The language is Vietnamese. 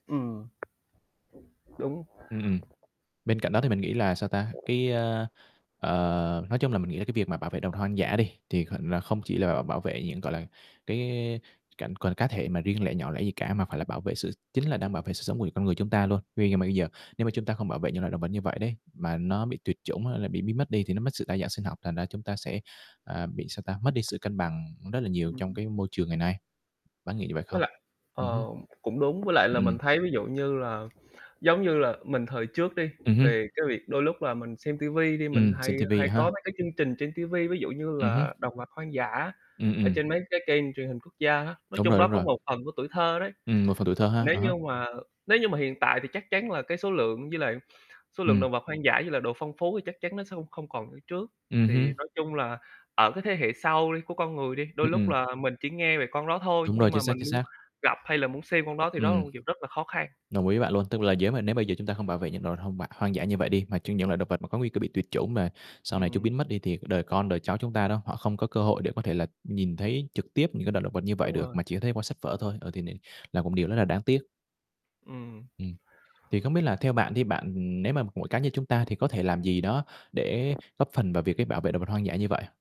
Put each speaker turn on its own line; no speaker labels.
Ừm. Đúng.
Ừm. Bên cạnh đó thì mình nghĩ là, sao ta, cái, a, ờ, nói chung là mình nghĩ là cái việc mà bảo vệ động vật hoang dã đi, thì kh là không chỉ là bảo vệ những gọi là, cái cảnh còn cá thể mà riêng lẻ nhỏ lẻ gì cả, mà phải là bảo vệ sự chính là đang bảo vệ sự sống của con người chúng ta luôn. Tuy nhưng mà bây giờ nếu mà chúng ta không bảo vệ những loại động vật như vậy đấy, mà nó bị tuyệt chủng hay là bị biến mất đi thì nó mất sự đa dạng sinh học, thành ra chúng ta sẽ, à, bị, sao ta, mất đi sự cân bằng rất là nhiều
Ừm.
trong cái môi trường ngày nay. Bạn có nghĩ như vậy
Với
không?
lại,
Ừm hưm.
ờ, cũng đúng. Với lại là
Ừm.
mình thấy ví dụ như là giống như là mình thời trước đi,
Ừm hưm.
về cái việc đôi lúc là mình xem ti vi đi mình
Ừm, xem
hay
ti vi
hay có
ha.
mấy cái chương trình trên ti vi, ví dụ như
Ừm hưm.
là động vật hoang dã
Ừm,
ở
ừm.
trên mấy cái kênh truyền hình quốc gia á. Nói
Đúng
chung
rồi,
đó
đúng
có
rồi.
một phần của tuổi thơ đấy.
Ừm, một phần tuổi thơ ha.
Nếu
À
như
há.
mà nếu như mà hiện tại thì chắc chắn là cái số lượng với lại số lượng
Ừm.
đồng vật hoang dã với lại độ phong phú thì chắc chắn nó sẽ không không còn như trước.
Ừm hưm.
Thì nói chung là ở cái thế hệ sau đi, của con người đi, đôi
Ừm,
lúc
ừm.
là mình chỉ nghe về con đó thôi
Đúng
nhưng
rồi. Chính
mà
xác,
mình
chính
muốn
xác.
gặp hay là muốn xem con đó thì đó là
Ừm.
một chuyện rất là khó khăn.
Đồng ý với bạn luôn. Tức là nếu mà nếu bây giờ chúng ta hông bảo vệ những động vật hông hoang dã như vậy đi, mà chỉ những loại động vật có nguy cơ bị tuyệt chủng mà sau này chúng
Ừm.
biến mất đi thì đời con, đời cháu chúng ta đó, họ không có cơ hội để có thể là nhìn thấy trực tiếp những cái loại động vật như vậy
Đúng
được,
rồi.
mà chỉ có thấy qua sách vở thôi. Ờ, thì n là một điều rất là đáng tiếc.
Ừm.
Ừm. Thì không biết là theo bạn đi, bạn nếu mà mỗi cá nhân chúng ta thì có thể làm gì đó để góp phần vào việc để bảo vệ động vật hoang dã như vậy?